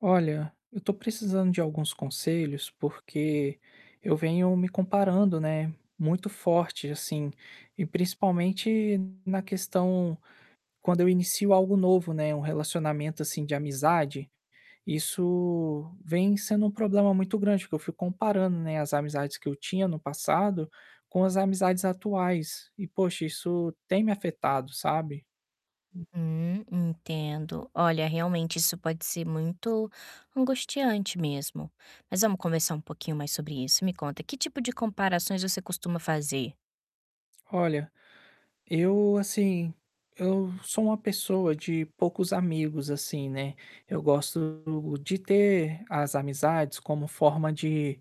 Olha, eu tô precisando de alguns conselhos, porque eu venho me comparando, né, muito forte assim, e principalmente na questão, quando eu inicio algo novo, né, um relacionamento, assim, de amizade, isso vem sendo um problema muito grande, porque eu fico comparando, né, as amizades que eu tinha no passado, com as amizades atuais, e poxa, isso tem me afetado, sabe. Uhum. Entendo. Olha, realmente isso pode ser muito angustiante mesmo. Mas vamos conversar um pouquinho mais sobre isso. Me conta, que tipo de comparações você costuma fazer? Olha, eu, assim, eu sou uma pessoa de poucos amigos, assim, né, eu gosto de ter as amizades como forma de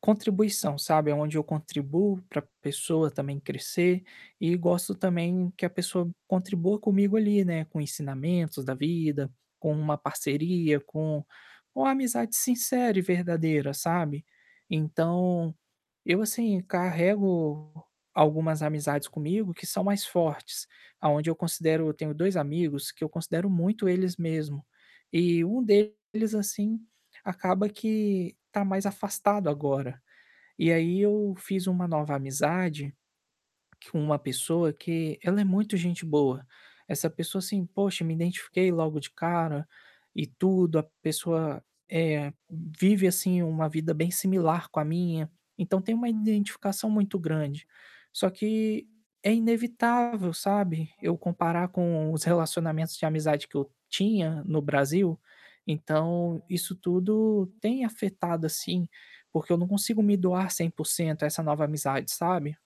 contribuição, sabe, aonde eu contribuo pra pessoa também crescer e gosto também que a pessoa contribua comigo ali, né, com ensinamentos da vida, com uma parceria, com uma amizade sincera e verdadeira, sabe. Então, eu assim, carrego algumas amizades comigo que são mais fortes, aonde eu considero eu tenho 2 amigos que eu considero muito eles mesmo, e um deles, assim, acaba que tá mais afastado agora. E aí eu fiz uma nova amizade, com uma pessoa que ela é muito gente boa, essa pessoa, assim, poxa, me identifiquei logo de cara e tudo, a pessoa, eh, vive assim uma vida bem similar com a minha, então tem uma identificação muito grande. Só que é inevitável sabe, eu comparar com os relacionamentos de amizade que eu tinha no Brasil, então, isso tudo tem afetado, assim, porque eu não consigo me doar 100% a essa nova amizade, sabe.